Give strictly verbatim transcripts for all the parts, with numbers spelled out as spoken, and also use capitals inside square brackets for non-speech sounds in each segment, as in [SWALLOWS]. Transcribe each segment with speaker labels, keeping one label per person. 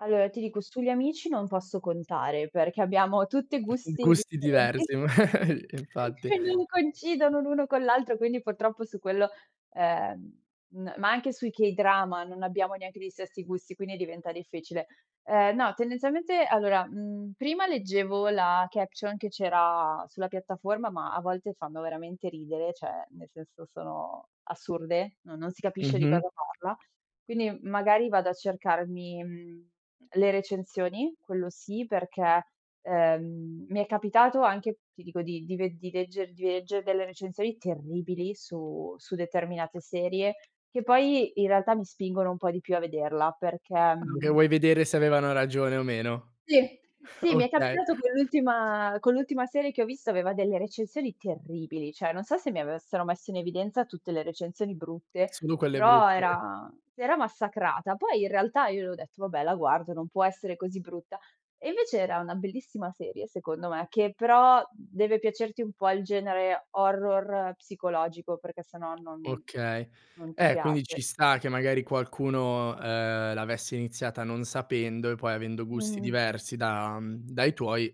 Speaker 1: Allora ti dico, sugli amici non posso contare, perché abbiamo tutti
Speaker 2: Mh,
Speaker 1: gusti
Speaker 2: gusti
Speaker 1: differenti
Speaker 2: diversi, magari.
Speaker 1: [CHUCKLES]
Speaker 2: Infatti.
Speaker 1: e non coincidono l'uno con l'altro, quindi purtroppo su quello, ehm, n ma anche sui k-drama non abbiamo neanche gli stessi gusti, quindi diventa difficile. Ehm, no, tendenzialmente allora, mhmm, prima leggevo la caption che c'era sulla piattaforma, ma a volte fanno veramente ridere, ceh nel senso sono assurde, no non si capisce di
Speaker 2: Mh-mh.
Speaker 1: cosa parla. Quindi magari vado a cercarmi, mhmm, le recensioni, quello sì, perché, ehm, mi è capitato anche, ti dico di di ved di legger di leggere delle recensioni terribili su su determinate serie, che poi in realtà mi spingono un po' di più a vederla, perché,
Speaker 2: Quello che
Speaker 1: mhmm
Speaker 2: vuoi vedere se avevano ragione o meno?
Speaker 1: Sì, sì, mi è
Speaker 2: Okay.
Speaker 1: capitato con l'ultima con l'ultima serie che ho visto, aveva delle recensioni terribili, ceh non so se mi avessero messo in evidenza tutte le recensioni brutte,
Speaker 2: Solo quelle
Speaker 1: però
Speaker 2: brutte.
Speaker 1: era era massacrata. Poi in realtà io le ho detto. "Vabbè la guardo, non può essere così brutta" e invece era una bellissima serie secondo me, che però deve piacerti un po' il genere horror psicologico, perché se no non
Speaker 2: Okay.
Speaker 1: non ti
Speaker 2: Eh, quindi ci
Speaker 1: piace.
Speaker 2: sta che magari qualcuno, ehm, l'avesse iniziata non sapendo e poi avendo gusti
Speaker 1: Mh-mh.
Speaker 2: diversi da mhmm, dai tuoi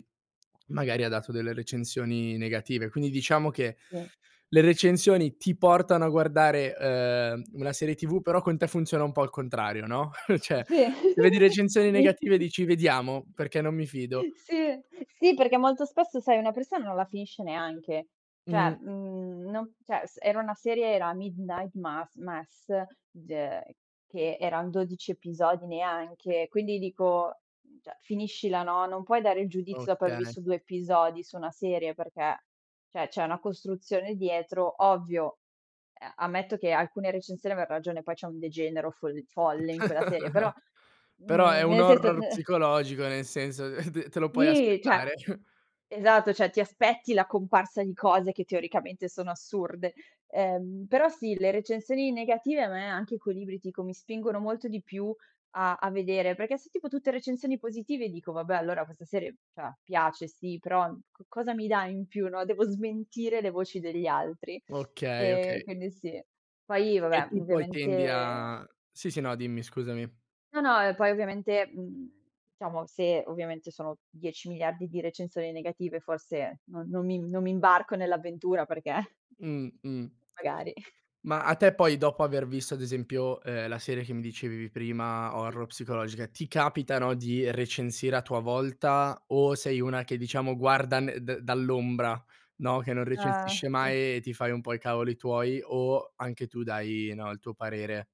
Speaker 2: [SWALLOWS] magari ha dato delle recensioni negative; quindi diciamo che
Speaker 1: Sì.
Speaker 2: le recensioni ti portano a guardare, ehm, una serie TV, però con te funziona un po' al contrario, no. [CHUCKLES] ceh,
Speaker 1: Sì.
Speaker 2: se vedi recensioni negative
Speaker 1: [LAUGHS]
Speaker 2: dici: "Vediamo, perché non mi fido".
Speaker 1: Sì, e sì perché molto spesso sai, una persona non la finisce neanche; ceh
Speaker 2: Mh.
Speaker 1: mhmm, non ceh s era una serie era Midnight Mass Mess, ge che eran dodici episodi neanche, quindi dico: "Mhmm, ceh finiscila, no. Non puoi dare il giudizio dopo aver
Speaker 2: Okay.
Speaker 1: visto due episodi su una serie, perché, ceh c'è una costruzione dietro", ovvio. Eh, ammetto che alcune recensioni ave ragione, poi c'è un degenero foll-folle in quella serie, però,
Speaker 2: [CHUCKLES] Però è
Speaker 1: mhmm,
Speaker 2: un
Speaker 1: nel senso
Speaker 2: horror
Speaker 1: ne
Speaker 2: psicologico, nel senso, eh, te te lo puoi
Speaker 1: Si, ceh
Speaker 2: aspettare. [CHUCKLES]
Speaker 1: esatto, ceh ti aspetti la comparsa di cose che teoricamente sono assurde. Ehm, però sì, le recensioni negative a me anche [UNINTELLIGIBLE] mi spingono molto di più a a vedere, perché se tipo tutte recensioni positive dico: "Vabbè allora questa serie, cioè piace sì, però, uhm, co cosa mi dà in più", no, devo smentire le voci degli altri.
Speaker 2: Okay,
Speaker 1: Ehm,
Speaker 2: okay.
Speaker 1: quindi sì. Poi
Speaker 2: E
Speaker 1: vabbè
Speaker 2: tu poi tendi
Speaker 1: ovviamente
Speaker 2: a sì, sì, no, dimmi, scusami.
Speaker 1: No, no, ehm, poi ovviamente, uhm, ciamo, se ovviamente sono dieci miliardi di recensioni negative forse non non mi non mi imbarco nell'avventura perché
Speaker 2: Mh, mh.
Speaker 1: magari. [CHUCKLES]
Speaker 2: Ma a te poi dopo aver visto, ad esempio, ehm, la serie che mi dicevi prima horror psicologica, ti capitano di recensire a tua volta o sei una che diciamo, guarda ne da dall'ombra, no, che non
Speaker 1: Ah,
Speaker 2: recensisce
Speaker 1: sì.
Speaker 2: mai e ti fai un po' i cavoli tuoi, o anche tu dai, no, il tuo parere?